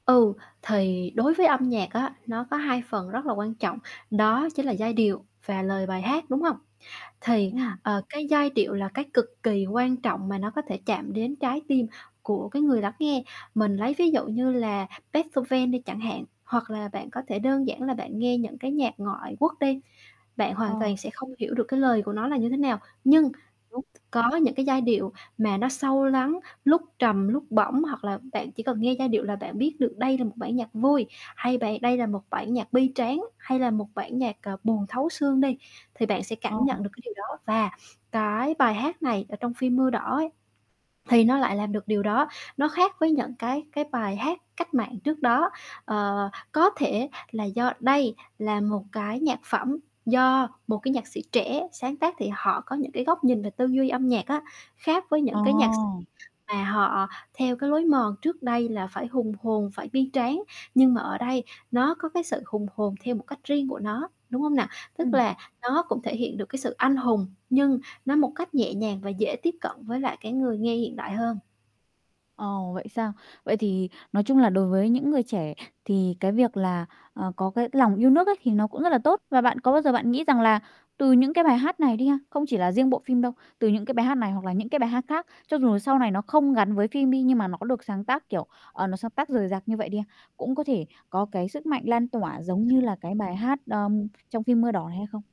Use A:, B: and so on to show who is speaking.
A: Ừ, thì đối với âm nhạc á, nó có hai phần rất là quan trọng, đó chính là giai điệu và lời bài hát, đúng hông? Thì,
B: Ừm.
A: ờ, cái giai điệu là cái cực kỳ quan trọng mà nó có thể chạm đến trái tim của cái người lắng nghe. Mình lấy ví dụ như là Beethoven đi chẳng hạn, hoặc là bạn có thể đơn giản là bạn nghe những cái nhạc ngoại quốc đi, bạn
B: Ờ.
A: hoàn toàn sẽ không hiểu được cái lời của nó là như thế nào. Nhưng t
B: Đúng.
A: có những cái giai điệu mà nó sâu lắng, lúc trầm, lúc bổng, hoặc là bạn chỉ cần nghe giai điệu là bạn biết được đây là một bản nhạc vui hay bầy đây là một bản nhạc bi tráng, hay là một bản nhạc, à, buồn thấu xương đi, thì bạn sẽ cảm
B: Ờ.
A: nhận được cái điều đó. Và cái bài hát này ở trong phim Mưa Đỏ ấy thì nó lại làm được điều đó, nó khác với những cái cái bài hát cách mạng trước đó. Ờ, có thể là do đây là một cái nhạc phẩm do một cái nhạc sĩ trẻ sáng tác thì họ có những cái góc nhìn về tư duy âm nhạc á, khác với
B: Ờ!
A: những cái nhạc sĩ mà họ theo cái lối mòn trước đây là phải hùng hồn, phải bi tráng. Nhưng mà ở đây nó có cái sự hùng hồn theo một cách riêng của nó, đúng hông nà? Tức
B: Ừm.
A: là nó cũng thể hiện được cái sự anh hùng, nhưng nó một cách nhẹ nhàng và dễ tiếp cận với lại cái người nghe hiện đại hơn.
B: Ồ, vậy sao? Vậy thì nói chung là đối với những người trẻ thì cái việc là, ờ, có cái lòng yêu nước ấy thì nó cũng rất là tốt. Và bạn có bao giờ bạn nghĩ rằng là từ những cái bài hát này đi ha, không chỉ là riêng bộ phim đâu, từ những cái bài hát này hoặc là những cái bài hát khác, cho dù là sau này nó không gắn với phim đi, nhưng mà nó được sáng tác, kiểu, ờ, nó sáng tác rời rạc như vậy đi ha, cũng có thể có cái sức mạnh lan tỏa giống như là cái bài hát, ờm, trong phim Mưa Đỏ này hay không?